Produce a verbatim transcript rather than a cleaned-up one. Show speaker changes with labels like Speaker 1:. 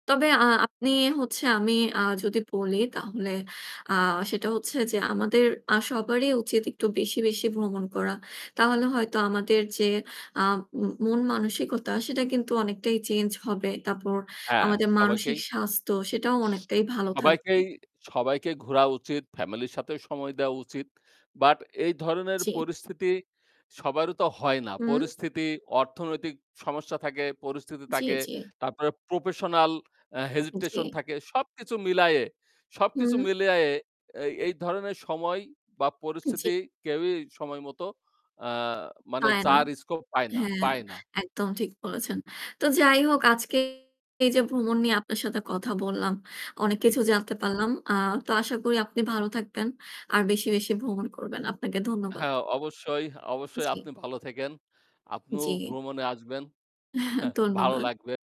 Speaker 1: তবে আ আপনি হচ্ছে আমি আ যদি বলি তাহলে আ সেটা হচ্ছে যে আমাদের আ সবারই উচিত একটু বেশি, বেশি ভ্রমণ করা। তাহলে হয়তো আমাদের যে আ ম মন মানসিকতা সেটা কিন্তু অনেকটাই change হবে। তারপর
Speaker 2: অ্যা
Speaker 1: আমাদের মানসিক
Speaker 2: সবাইকেই স
Speaker 1: স্বাস্থ্য সেটাও অনেকটাই ভালো থাকবে।
Speaker 2: সবাইকেই, সবাইকেই ঘোরা উচিত। Family র সাথেও সময় দেওয়া উচিত। But এই ধরনের
Speaker 1: জি।
Speaker 2: পরিস্থিতি সবারও তো হয় না।
Speaker 1: হুম?
Speaker 2: পরিস্থিতি, অর্থনৈতিক সমস্যা থাকে, পরিস্থিতি
Speaker 1: জি,
Speaker 2: থাকে,
Speaker 1: জি।
Speaker 2: তারপরে প্রপেসনাল আ hesitation
Speaker 1: জি।
Speaker 2: থাকে। সবকিছু মিলাইয়ে সবকিছু
Speaker 1: হুম?
Speaker 2: মিলাইয়ে অ্যা এই ধরনের সময় বা
Speaker 1: জি।
Speaker 2: পরিস্থিতি কেউই সময় মতো আ মানে
Speaker 1: পায় না।
Speaker 2: যার scope পায় না
Speaker 1: হ্যাঁ,
Speaker 2: পায় না।
Speaker 1: একদম ঠিক বলেছেন। তো যাই হোক, আজকে এই যে ভ্রমণ নিয়ে আপনার সাথে কথা বললাম, অনেক
Speaker 2: জি।
Speaker 1: কিছু জানতে পারলাম। আ তো আশা করি আপনি ভালো থাকবেন আর বেশি, বেশি ভ্রমণ করবেন। আপনাকে ধন্যবাদ।
Speaker 2: হ্যাঁ, অবশ্যই, অবশ্যই আপনি
Speaker 1: জি।
Speaker 2: ভালো থাইকেন। আপনিও
Speaker 1: জি।
Speaker 2: ভ্রমণে আসবেন। ভালো
Speaker 1: ধন্যবাদ।
Speaker 2: লাগবে।